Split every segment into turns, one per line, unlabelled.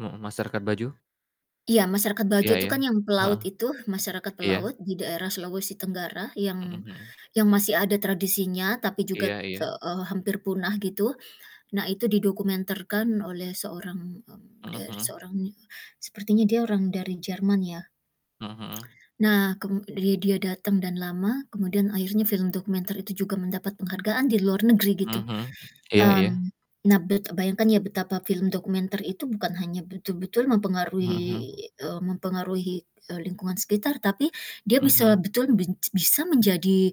Mhm, masyarakat Bajo?
Iya, masyarakat Bajo
Iya
itu
iya.
kan yang pelaut
Heeh.
itu, masyarakat pelaut,
Iya.
di daerah Sulawesi Tenggara,
Mhm
yang
mhm.
yang masih ada tradisinya, tapi
Iya
juga, te
iya.
eee, hampir punah gitu, nah, itu didokumenterkan oleh seorang mmm,
Heeh
dari
heeh.
seorang ne sepertinya dia orang dari Jerman, ya.
Heeh heeh.
Nah, kem dia dia datang dan lama, kemudian akhirnya film dokumenter itu juga mendapat penghargaan di luar negeri, gitu.
Heeh heeh, iya iya.
Mmm, nah, bet eee, bayangkan ya, betapa film dokumenter itu bukan hanya betul-betul mempengaruhi
Heeh heeh.
eee, mempengaruhi, eee, lingkungan sekitar, tapi dia
Heeh
bisa
heeh.
betulan benj bisa menjadi,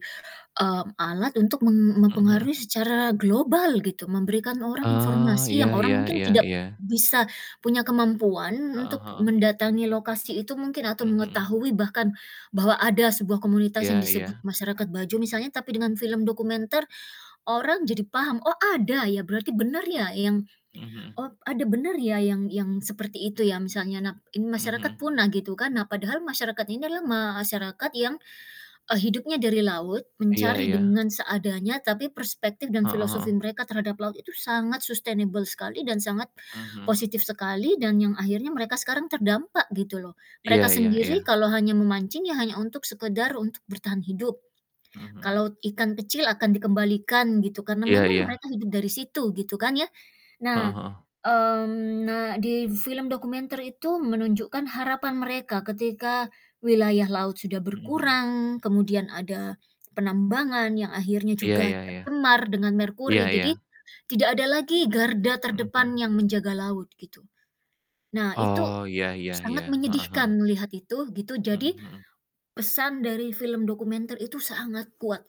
mmm, alat untuk mem
Heeh heeh.
mempengaruhi secara global gitu, memberikan orang
Eee,
informasi
iya
yang orang
iya
mungkin
iya
tidak
iya.
bisa punya kemampuan
Heeh
untuk
heeh.
mendatangi lokasi itu mungkin
Mhm
atau
mhm.
mengetahui bahkan bahwa ada sebuah komunitas yang
Iya
disebut
iya.
masyarakat Bajo misalnya. Tapi dengan film dokumenter, orang jadi paham, "Oh, ada ya? Berarti bener ya? Yang
Mhm mhm.
oh, ada bener ya, yang yang seperti itu ya?" Misalnya. Nah, ini
Mhm
masyarakat
mhm.
punah, gitu kan. Nah, padahal masyarakat ini adalah masyarakat yang, eee, hidupnya dari laut,
Iya
mencari
iya.
dengan seadanya, tapi perspektif dan
Heeh
filosofi
heeh.
mereka terhadap laut itu sangat sustainable sekali dan sangat
Mmm, mhm.
positif sekali, dan yang akhirnya mereka sekarang terdampak, gitu loh.
Iya
Mereka
iya
sendiri
iya.
kalau hanya memancing, ya hanya untuk sekedar untuk bertahan hidup.
Mhm mhm.
Kalau ikan kecil akan dikembalikan gitu, karena
Iya
memang
iya.
mereka hidup dari situ, gitu kan, ya.
Heeh
Nah
heeh.
mmm, nah di film dokumenter itu menunjukkan harapan mereka, ketika wilayah laut sudah
Heeh heeh.
berkurang, kemudian ada penambangan yang akhirnya
Iya
juga
iya iya.
tercemar dengan
Iya
merkuri,
iya.
jadi tidak ada lagi garda
Mhm
terdepan
mhm.
yang menjaga laut, gitu. Nah, itu
Oh, iya iya iya.
sangat
Heeh heeh.
menyedihkan melihat itu, gitu,
Mhm
jadi
mhm.
pesan dari film dokumenter itu sangat kuat.